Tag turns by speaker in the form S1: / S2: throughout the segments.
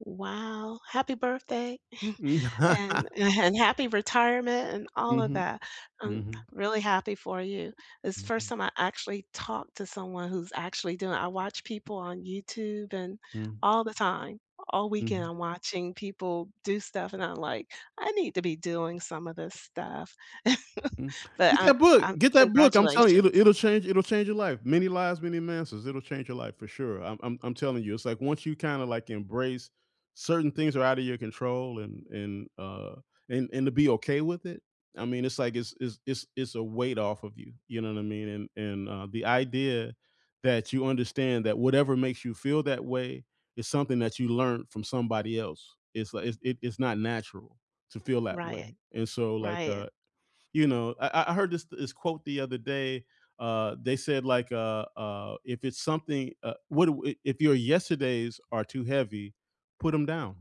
S1: Wow, happy birthday
S2: M
S1: and an and happy retirement and all of
S2: Mhm,
S1: that, um,
S2: mhm.
S1: I'm really happy for you. It's the first
S2: Mhm.
S1: time I actually talked to someone who's actually doing it. I watch people on YouTube and
S2: Mm.
S1: all the time, all weekend
S2: Mhm.
S1: I'm watching people do stuff and I'm like, "I need to be doing some of this stuff."
S2: Mm,
S1: But,
S2: get
S1: uh,
S2: that book,
S1: um,
S2: get that book. I'm telling you, it'll
S1: congratulations.
S2: it'll change it'll change your life. Many Lives, Many Masters, it'll change your life for sure. I'm I'm I'm telling you, it's like once you kinda, like, embrace certain things are outta your control and and, uh and and to be okay with it, I mean, it's like it's it's it's it's a weight off of you, you know what I mean? And and, uh, the idea that you understand that whatever makes you feel that way is something that you learned from somebody else. It's li it's it it's not natural to feel that way.
S1: Right.
S2: And so, like,
S1: Right.
S2: uh, you know I I heard this this quote the other day, uh, they said like, uh, uh, "If it's something, uh what do i if your yesterdays are too heavy, put 'em down,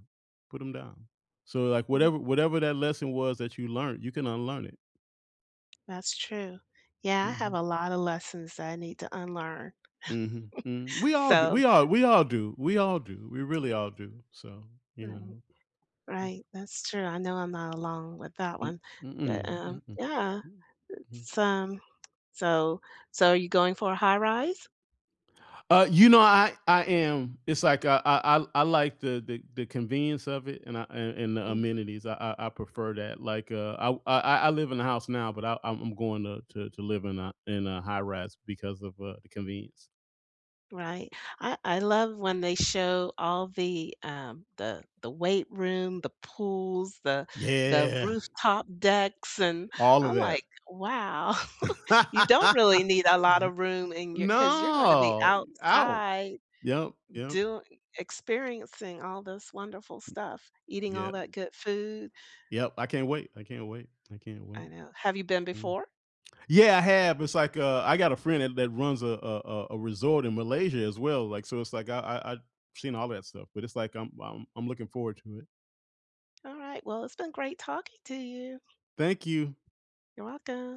S2: put 'em down." So, like,
S1: Mm.
S2: whatever whatever that lesson was that you learned, you can unlearn it.
S1: That's true. Yeah, I have
S2: Mhm.
S1: a lotta lessons that I need to unlearn.
S2: Mhm, mhm. We all do.
S1: So
S2: We all we all do. We all do. We really all do, so, you
S1: Right.
S2: know. Mhm.
S1: Right. That's true. I know I'm not alone with that
S2: M
S1: one,
S2: mm-mm,
S1: but, um,
S2: mm-mm.
S1: yeah,
S2: M Mm.
S1: it's, um so so you going for a high-rise?
S2: Uh, you know, I I am, it's like, uh, I I l I like the the the convenience of it and I and and the
S1: Mm.
S2: amenities, I I prefer that. Like, uh, I w I I live in a house now, but I I'm going to to to live in a in a high-rise because of, uh, the convenience.
S1: Right. I I love when they show all the, um, the the weight room, the pools, the the
S2: Yeah.
S1: rooftop decks, and
S2: All of
S1: I'm like,
S2: it.
S1: "Wow, you don't really need a lot of room in your cause you're gonna be
S2: No, out.
S1: outside
S2: Yep, yep.
S1: doi experiencing all this wonderful stuff, eating all
S2: Yeah.
S1: that good food."
S2: Yep, I can't wait, I can't wait, I can't wait.
S1: I know. Have you been
S2: Mm.
S1: before?
S2: Yeah, I have, it's like, uh I got a friend that that runs a a a a resort in Malaysia as well, like, so it's, like, I I I seen all that stuff, but it's like I'm I'm looking forward to it.
S1: Alright. Well, it's been great talking to you.
S2: Thank you.
S1: You're welcome.